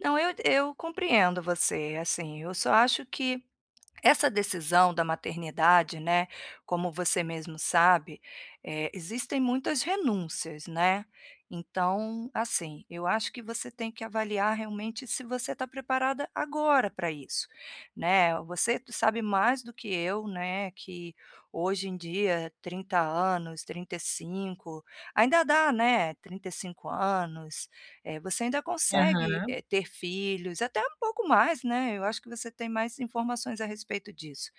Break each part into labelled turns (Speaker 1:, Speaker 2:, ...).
Speaker 1: Não, eu eu compreendo você, assim, eu só acho que essa decisão da maternidade, né, como você mesmo sabe, eh, existem muitas renúncias, né. Então, assim, eu acho que você tem que avaliar realmente se você tá preparada agora pra isso, né, o você sabe mais do que eu, né, que hoje em dia 30 anos, 35, ainda dá, né, 35 anos, eh, você ainda consegue,
Speaker 2: Aham.
Speaker 1: eh, ter filhos, até um pouco mais, né. Eu acho que você tem mais informações a respeito disso,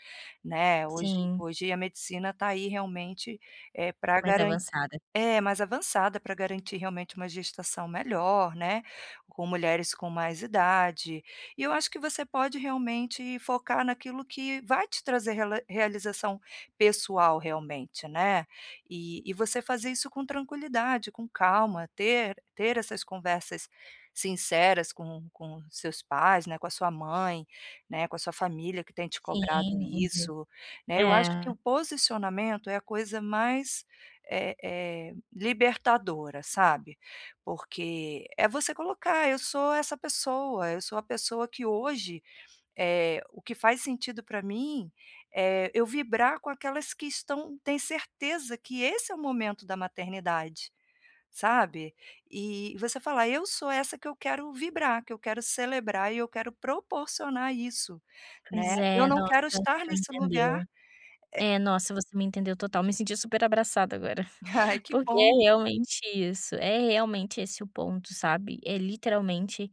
Speaker 1: né. Hoje
Speaker 2: Sim.
Speaker 1: hoje a medicina tá aí realmente, eh, pra
Speaker 2: Mais
Speaker 1: garan
Speaker 2: avançada.
Speaker 1: é, mais avançada, pra garantir realmente uma gestação melhor, né, com mulheres com mais idade, e eu acho que você pode realmente focar naquilo que vai te trazer rela realização pessoal realmente, né. E e você fazer isso com tranquilidade, com calma, ter ter essas conversas sinceras com com seus pais, né, com a sua mãe, né, com a sua família que tem te cobrado
Speaker 2: Sim, uhum.
Speaker 1: isso, né. Eu acho que
Speaker 2: É.
Speaker 1: o posicionamento é a coisa mais, eh eh, libertadora, sabe, porque é você colocar: "Eu sou essa pessoa, eu sou a pessoa que hoje, eh, o que faz sentido pra mim é eu vibrar com aquelas que estão tem certeza que esse é o momento da maternidade", sabe. E você falar: "Eu sou essa que eu quero vibrar, que eu quero celebrar e eu quero proporcionar isso, né,
Speaker 2: Pois
Speaker 1: eu
Speaker 2: é,
Speaker 1: não
Speaker 2: nossa,
Speaker 1: quero estar
Speaker 2: você me
Speaker 1: nesse lugar,
Speaker 2: entendeu.
Speaker 1: eh"
Speaker 2: É, nossa, você me entendeu total, me senti super abraçada agora,
Speaker 1: Ai, que
Speaker 2: porque é
Speaker 1: bom.
Speaker 2: realmente isso, é realmente esse o ponto, sabe, é literalmente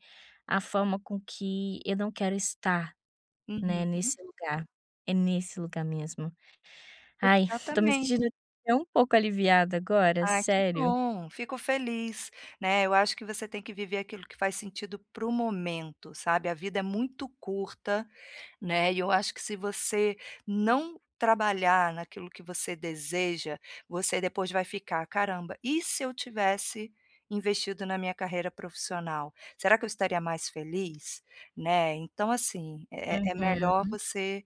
Speaker 2: a forma com que eu não quero estar, né,
Speaker 1: Uhum.
Speaker 2: nesse lugar, é nesse lugar mesmo. Ai, tô me
Speaker 1: Exatamente.
Speaker 2: sentindo até um pouco aliviada agora,
Speaker 1: Ah, que
Speaker 2: sério.
Speaker 1: bom, fico feliz, né, eu acho que você tem que viver aquilo que faz sentido para o momento, sabe, a vida é muito curta, né, e eu acho que se você não trabalhar naquilo que você deseja, você depois vai ficar: "Caramba, e se eu tivesse investido na minha carreira profissional, será que eu estaria mais feliz?", né, então, assim, é é melhor
Speaker 2: Uhum.
Speaker 1: você,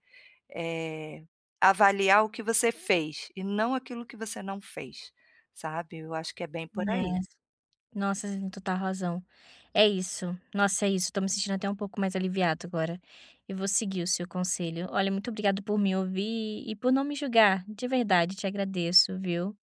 Speaker 1: eh, avaliar o que você fez, e não aquilo que você não fez, sabe, eu acho que é bem por aí.
Speaker 2: É, nossa, você tem total razão. É isso, nossa, é isso, tô me sentindo até um pouco mais aliviado agora, e vou seguir o seu conselho. Olha, muito obrigada por me ouvir e por não me julgar, de verdade, te agradeço, viu.